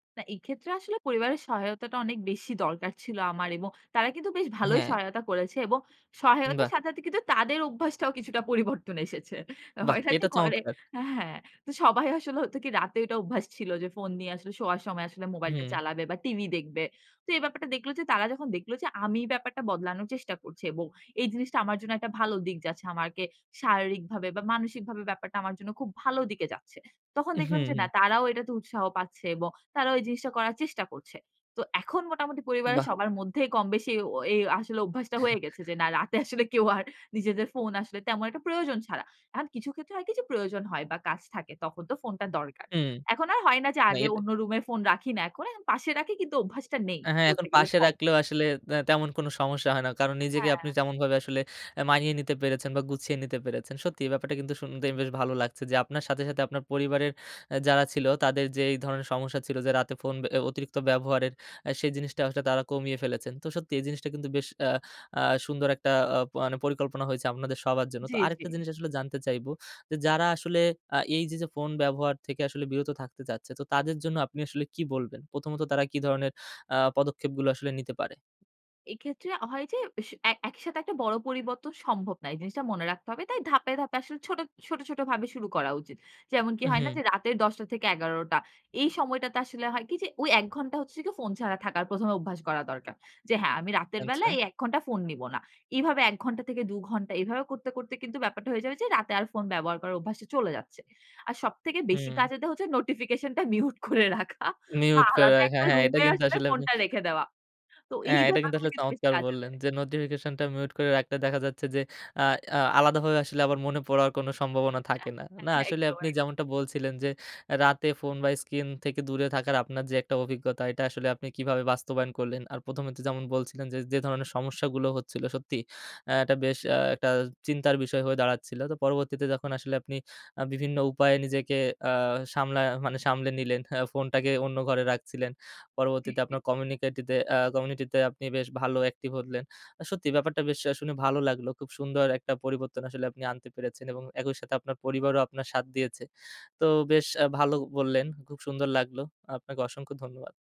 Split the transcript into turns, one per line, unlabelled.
না, এক্ষেত্রে আসলে পরিবারের সহায়তাটা অনেক বেশি দরকার ছিল আমার। এবং তারা কিন্তু বেশ ভালোই
হ্যাঁ।
সহায়তা করেছে। এবং সহায়তার
বাহ!
সাথে সাথে কিন্তু তাদের অভ্যাসটাও কিছুটা পরিবর্তন এসেছে।
বাহ!
হয় না যে
এটা
ঘরে,
চমৎকার।
হ্যাঁ, তো সবাই আসলে হতো কি, রাতের একটা অভ্যাস ছিল যে ফোন নিয়ে আসলে শোয়ার সময় মোবাইলটা
হুম।
চালাবে বা, TV দেখবে। তো এই ব্যাপারটা দেখল যে, তারা যখন দেখল যে আমি ব্যাপারটা বদলানোর চেষ্টা করছি এবং এই জিনিসটা আমার জন্য একটা ভালো দিক যাচ্ছে, আমাকে শারীরিকভাবে বা, মানসিকভাবে ব্যাপারটা আমার জন্য খুব ভালো দিকে যাচ্ছে, তখন
হুম,
দেখলাম যে না,
হুম।
তারাও এটাতে উৎসাহ পাচ্ছে এবং তারাও এই জিনিসটা করার চেষ্টা করছে। তো এখন মোটামুটি পরিবারের
বাহ!
সবার মধ্যেই কমবেশি ও এই আসলে অভ্যাসটা হয়ে গেছে যে না, রাতে আসলে কেউ আর নিজেদের ফোন আসলে তেমন একটা প্রয়োজন ছাড়া, এখন কিছু ক্ষেত্রে হয় কি যে, প্রয়োজন হয় বা, কাজ থাকে, তখন তো ফোনটা দরকার।
হুম,
এখন আর হয় না যে
না
আগে
এটা
অন্য রুমে ফোন রাখি। না, এখন পাশে রাখি। কিন্তু অভ্যাসটা নেই।
আ হ্যাঁ, এখন
বলতে গেলে
পাশে
কম।
রাখলেও আসলে আ তেমন কোনো সমস্যা হয় না। কারণ নিজেকে আপনি
হ্যাঁ।
যেমনভাবে আসলে আ মানিয়ে নিতে পেরেছেন, বা গুছিয়ে নিতে পেরেছেন। সত্যিই এই ব্যাপারটা কিন্তু শুনতেই বেশ ভালো লাগছে যে, আপনার সাথে সাথে আপনার পরিবারের আ, যারা ছিল, তাদেরও যে এই ধরনের সমস্যা ছিল, যে রাতে ফোন আ অতিরিক্ত ব্যবহারের, আ সেই জিনিসটা আসলে তারা কমিয়ে ফেলেছেন। তো সত্যি, এই জিনিসটা কিন্তু বেশ আ আ সুন্দর একটা আ মানে পরিকল্পনা হইছে আপনাদের সবার জন্য।
জি,
তো
জি।
আরেকটা জিনিস আসলে জানতে চাইবো যে যারা আসলে আ এই যে, "ফোন ব্যবহার থেকে বিরত থাকতে চাচ্ছে। তো তাদের জন্য আপনি আসলে কি বলবেন?" প্রথমত তারা কি ধরনের আ পদক্ষেপগুলো আসলে নিতে পারে।
এক্ষেত্রে হয় যে, সে এ একইসাথে একটা বড় পরিবর্তন সম্ভব না। এই জিনিসটা মনে রাখতে হবে। তাই ধাপে, ধাপে আসলে ছোট, ছোট, ছোটভাবে শুরু করা উচিত। যেমন কি হয় না
হুম।
যে, রাতের ১০ঃ০০-১১ঃ০০ এই সময়টাতে আসলে হয় কি যে, ওই ১ ঘণ্টা হচ্ছে কি ফোন ছাড়া থাকার প্রথমে অভ্যাস করা দরকার। যে হ্যাঁ, "আমি রাতের বেলা
আচ্ছা।
এই ১ ঘণ্টা ফোন নিব না।" এভাবে ১ ঘণ্টা থেকে দু ঘণ্টা এভাবে করতে, করতে কিন্তু ব্যাপারটা হয়ে যাবে যে রাতে আর ফোন ব্যবহার করার অভ্যাসটা চলে যাচ্ছে। আর সবথেকে বেশি
হুম।
কাজে দেয় হচ্ছে নোটিফিকেশনটা মিউট করে রাখা বা,
মিউট করে
আলাদা
রাখা
একটা
হ্যাঁ, এটা
রুমে
কিন্তু
আসলে
আসলে আপনি
ফোনটা রেখে দেওয়া। তো এই
হ্যাঁ, এটা কিন্তু
ব্যাপারগুলো
আসলে
কিন্তু বেশি
চমৎকার
কাজে
বললেন
দেয়।
যে, নোটিফিকেশনটা মিউট করে রাখতে দেখা যাচ্ছে যে আ আ আলাদাভাবে আসলে আমার মনে পড়ার কোনো সম্ভাবনা থাকে না। না,
একদম,
আসলে
একদম।
আপনি যেমনটা বলছিলেন যে, "রাতে ফোন বা স্ক্রিন থেকে দূরে থাকার আপনার যে একটা অভিজ্ঞতা, এটা আসলে আপনি কিভাবে বাস্তবায়ন করলেন। আর প্রথমে তো যেমন বলছিলেন যে, যে ধরনের সমস্যাগুলো হচ্ছিল।" সত্যি, আ এটা বেশ আ একটা চিন্তার বিষয় হয়ে দাঁড়াচ্ছিল। তো পরবর্তীতে যখন আসলে আপনি আ বিভিন্ন উপায়ে নিজেকে আ সামলা মানে সামলে নিলেন, আ ফোনটাকে অন্য ঘরে রাখছিলেন।
জি,
পরবর্তীতে
জি।
আপনার কমিনিটিতে আ কমিউনিটিতে আপনি বেশ ভালো অ্যাক্টিভ হলেন। সত্যি, ব্যাপারটা বেশ আ শুনে বেশ ভালো লাগলো। খুব সুন্দর একটা পরিবর্তন আসলে আপনি আনতে পেরেছেন এবং একই সাথে আপনার পরিবারও আপনার সাথ দিয়েছে। তো বেশ আ ভালো বললেন, খুব সুন্দর লাগলো। আপনাকে অসংখ্য ধন্যবাদ।